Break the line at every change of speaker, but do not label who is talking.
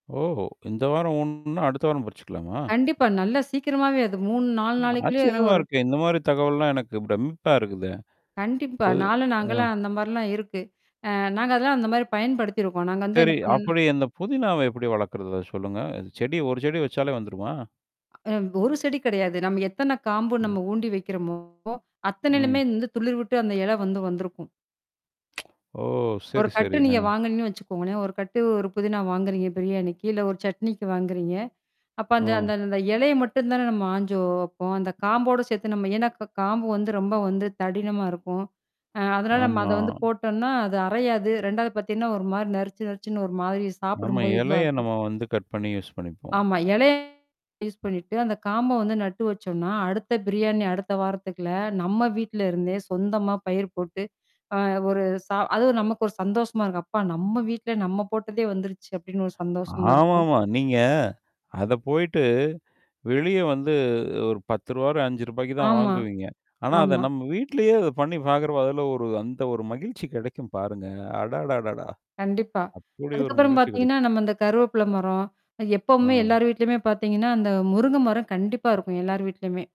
ஓ இந்த வாரம் ஒண்ணுன்னா, அடுத்த வாரம் பறிச்சுக்கலாமா?
கண்டிப்பா நல்லா சீக்கிரமாவே அது 3, 4
அ
நாளைக்குள்ளயே
ஆச்சரியமா
ஒரு
இருக்கே. இந்த மாதிரித் தகவல் எல்லாம் எனக்குப் பிரம்மிப்பா இருக்குதே.
கண்டிப்பா
[unintelligible]
4
ம்.
நாங்கல்லாம் அந்த மாரில்லாம் இருக்கு. அ நாங்க அதெல்லாம் அந்த மாரி பயன்படுத்தி இருக்கோம். நாங்க வந்து
சரி
என்ன பண்ணோம்ன்னா
அப்படி இந்த புதினாவ எப்படி வளக்கிறது? அத சொல்லுங்க! அது செடி 1 செடி வச்சாலே வந்துருமா?
அ வ் ஒரு செடி கிடையாது. நம்ம எத்தன காம்பு
ம்.
நம்ம ஊண்டி வைக்கிறமோ,
ம்.
அத்தனைலுமே இந்த துளிர்விட்டு அந்த இலை வந்து வந்திருக்கும்.
ஓ!
1
சரி
கட்டு
சரி.
நீங்க
அ.
வாங்கினுங்கன்னு வச்சுக்கோங்களேன், 1 கட்டு ஒரு புதினா வாங்குறீங்க பிரியாணிக்கு, இல்ல ஒரு சட்னிக்கு வாங்குறீங்க. அப்ப அந்த அந்த
ம்.
அந்த இலைய மட்டும் தானே நம்ம ஆஞ்சு வப்போம்! அந்தக் காம்போட சேத்து நம்ம ஏன்னா, கா காம்பு வந்து ரொம்ப வந்து தடிமனா இருக்கும். அ அதனால நாம அத
ஆமா.
வந்து போட்டோன்னா, அது அறையாது. 2வது பாத்தீங்கன்னா ஒரு மாரி நறுச்சு நறுச்சுன்னு ஒரு மாதிரி
நம்ம
சாப்பிடும்போது,
எலைய
இதுவாருக்கும்.
நம்ம வந்து கட் பண்ணி யூஸ் பண்ணிப்போம்.
ஆமா எலைய யூஸ் பண்ணிட்டு, அந்தக் காம்ப வந்து நட்டு வச்சோம்ன்னா, அடுத்த பிரியாணி, அடுத்த வாரத்துக்குள்ள, நம்ம வீட்டுல இருந்தே, சொந்தமா பயிர் போட்டு, அ ஒரு சா அதுவும் நமக்கு ஒரு சந்தோஷமா இருக்கும். "அப்பா நம்ம வீட்டுல, நம்ம போட்டதே வந்துருச்சு" அப்படின்னு ஒரு சந்தோஷமா இருக்கும்.
ஆமாமா. நீங்க அதப் போயிட்டு, வெளிய வந்து ஒரு ரூ. 10 ரூ. 5க்கு தான்
ஆமா,
வாங்குவீங்க. ஆனா, அத
ஆமா.
நம்ம வீட்லயே அத பண்ணி பாக்குறப்ப, அதுல ஒரு அந்த ஒரு மகிழ்ச்சி கிடைக்கும் பாருங்க! அடா டா டா-டா!
கண்டிப்பா,
அப்படியொரு
அதுக்கப்புறம்
மகிழ்ச்சி கிடைக்கும்.
பாத்தீங்கன்னா, நம்ம இந்தக் கருவேப்புல மரம் அ எப்பவுமே
ம்.
எல்லார் வீட்லயுமே பாத்தீங்கன்னா, அந்த முருங்க மரம் கண்டிப்பா இருக்கும், எல்லார் வீட்லயுமே.